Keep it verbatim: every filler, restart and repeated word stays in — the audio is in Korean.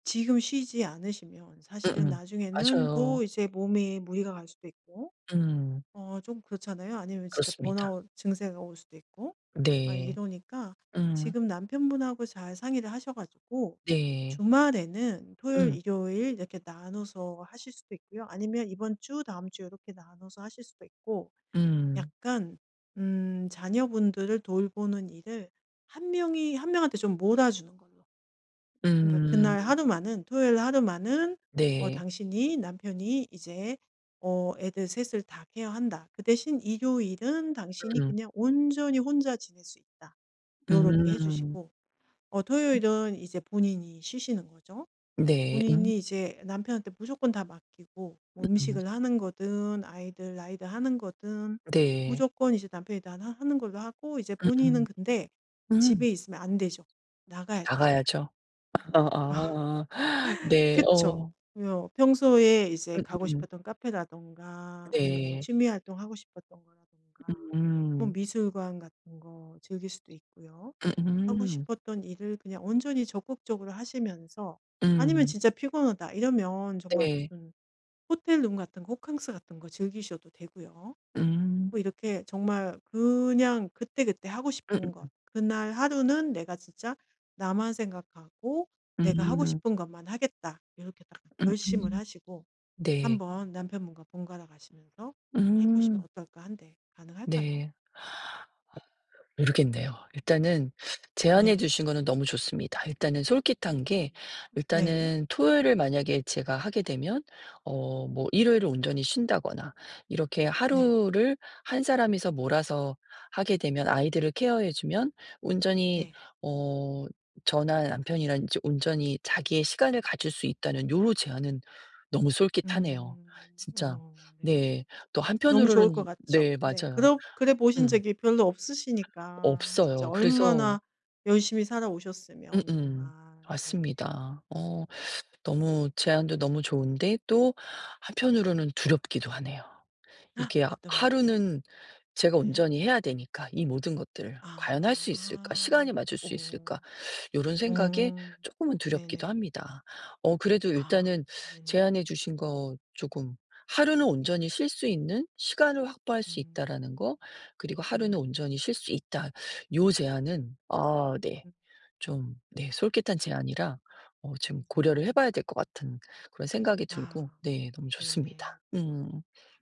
지금 쉬지 않으시면 사실은 음음. 나중에는 맞아요. 더 이제 몸에 무리가 갈 수도 있고. 음. 어 좀 그렇잖아요. 아니면 진짜 그렇습니다. 번아웃 증세가 올 수도 있고. 막 네. 이러니까 음. 지금 남편분하고 잘 상의를 하셔 가지고 네. 주말에는 토요일 음. 일요일 이렇게 나눠서 하실 수도 있고요. 아니면 이번 주 다음 주 요렇게 나눠서 하실 수도 있고 음. 약간 음 자녀분들을 돌보는 일을 한 명이 한 명한테 좀 몰아주는 걸로. 그러니까 그날 음. 하루만은 토요일 날 하루만은 어 네. 당신이 남편이 이제 어 애들 셋 을 다 케어한다. 그 대신 일요일은 당신이 음. 그냥 온전히 혼자 지낼 수 있다 요렇게 해 음. 주시고 어 음. 토요일은 이제 본인이 쉬시는 거죠. 네. 음. 본인이 이제 남편한테 무조건 다 맡기고 뭐 음. 음식을 하는 거든 아이들 라이드 하는 거거든 네. 무조건 이제 남편이 다 하 하는 걸로 하고 이제 본인은 음음. 근데 집에 음. 있으면 안 되죠. 나가야 되죠. 나가야죠. 아 어어어 네 그쵸. 어. 뭐 평소에 이제 가고 음음음. 싶었던 카페라든가 아니면 뭐 네. 취미 활동하고 싶었던 거라든가. 뭐 음. 미술관 같은 거 즐길 수도 있고요. 음 하고 음. 싶었던 일을 그냥 온전히 적극적으로 하시면서 아니면 음. 진짜 피곤하다 이러면 정말 네. 무슨 호텔 룸 같은 거 호캉스 같은 거 즐기셔도 되고요. 뭐 음. 이렇게 정말 그냥 그때, 그때 하고 싶은 것 음음음. 그날 하루는 '내가 진짜 나만 생각하고 내가 하고 음. 싶은 것만 하겠다.' 이렇게 딱 결심을 음음. 하시고 네. 한번 남편분과 번갈아 가시면서 해 보시면 음. 어떨까 한데 가능할까요? 네. 모르겠네요. 일단은 제안해 네. 주신 거는 너무 좋습니다. 일단은 솔깃한 게 네. 일단은 토요일을 만약에 제가 하게 되면 어 뭐 일요일을 온전히 쉰다거나 이렇게 네. 하루를 한 사람이서 몰아서 하게 되면 아이들을 케어해 주면 온전히 네. 어 저나 남편이랑 이제 온전히 자기의 시간을 가질 수 있다는 요런 제안은 너무 솔깃하네요, 음. 진짜. 어 네. 네. 또 너무 좋을 것 한편으로는 같죠. 네 네 맞아요. 그러 그래 보신 음. 적이 별로 없으시니까 진짜 없어요. 그래서 얼마나 열심히 살아오셨으면 정말. 음음. 네. 맞습니다. 어 너무 제안도 너무 좋은데 또 한편으로는 두렵기도 하네요. 이게 아 어떤 면이요? 하루는 제가 네. 온전히 해야 되니까 이 모든 것들을. '과연 할 수 있을까 아. 시간이 맞을 수 오. 있을까' 요런 생각에 오. 쪼끔은 두렵기도 네네. 합니다. 어 그래도 아 일단은 네네. 제안해 주신 거 쪼금 "하루는 온전히 쉴 수 있는 시간을 확보할 수 음. 있다."라는 거 그리고 "하루는 음. 온전히 쉴 수 있다." 요 제안은 아 네 좀 네 솔깃한 제안이라 어 좀 고려를 해 봐야 될 것 같은 그런 생각이 아 들고 네 너무 네네. 좋습니다. 음.